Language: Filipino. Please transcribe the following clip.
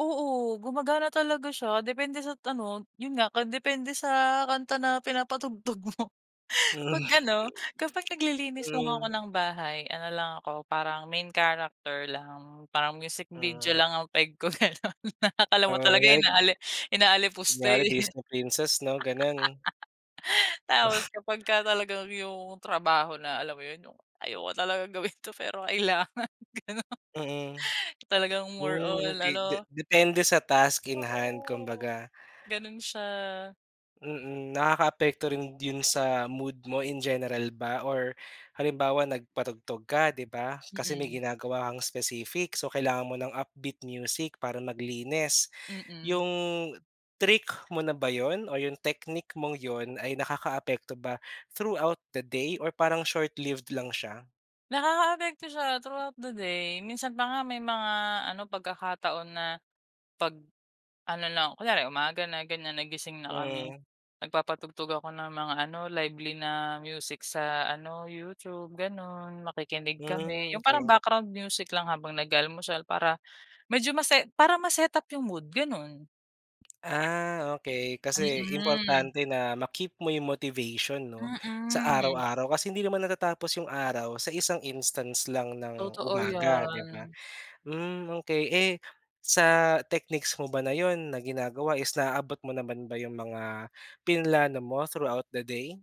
Oo, gumagana talaga siya depende sa ano, yun nga nakadepende sa kanta na pinapatugtog mo. Hmm, 'Pag ano, kapag naglilinis lang ako hmm. ng bahay ano lang ako, parang main character lang. Parang music video Mm. lang ang peg ko ganon, na akala mo Oo, talaga kunyari. inaali inaalipusta, Kunyari, eh. Disney Princess 'no, gano'n. Tapos, kapagka talagang yung trabaho na alam mo 'yun, yung, "Ayoko talagang gawin 'to pero kailangan." Ganun, Mhm. talagang more Hmm, on okey. De ano. depende sa task in hand Oo, kumbaga. ganun siya. Mhm. Nakakaapekto rin dun sa mood mo in general ba or halimbawa nagpatugtog ka, 'di ba? Kasi may Mhm. ginagawa kang specific, so kailangan mo ng upbeat music para maglinis. Mhm. Yung trick mo na ba yun o yung technique mong yun ay nakakaapekto ba through out the day or parang short lived lang siya? Nakakaapekto siya through out the day. Minsan pa nga may mga ano, pagkakataon na, pag-ano na, kunyari umaga na ganyan nagising na kami. Mm. Nagpapatugtog ako ng mga ano, lively na music sa ano, YouTube gano'n, makikinig kami. Mm, Yung parang okey. background music lang habang nag-aalmusal para medyo mase para ma set-up yung mood, ganun. Ah, okey. Kasi, Mhm. importante na ma-keep mo yung motivation, 'no, sa Mhm. araw-araw. Kasi hindi naman natatapos yung araw sa isang instance lang ng Totoo, umaga, 'di ba? 'yan. Mm, okey. Eh, sa techniques mo ba na yun na ginagawa is naaabot mo naman ba 'yung mga plinano mo, throughout the day?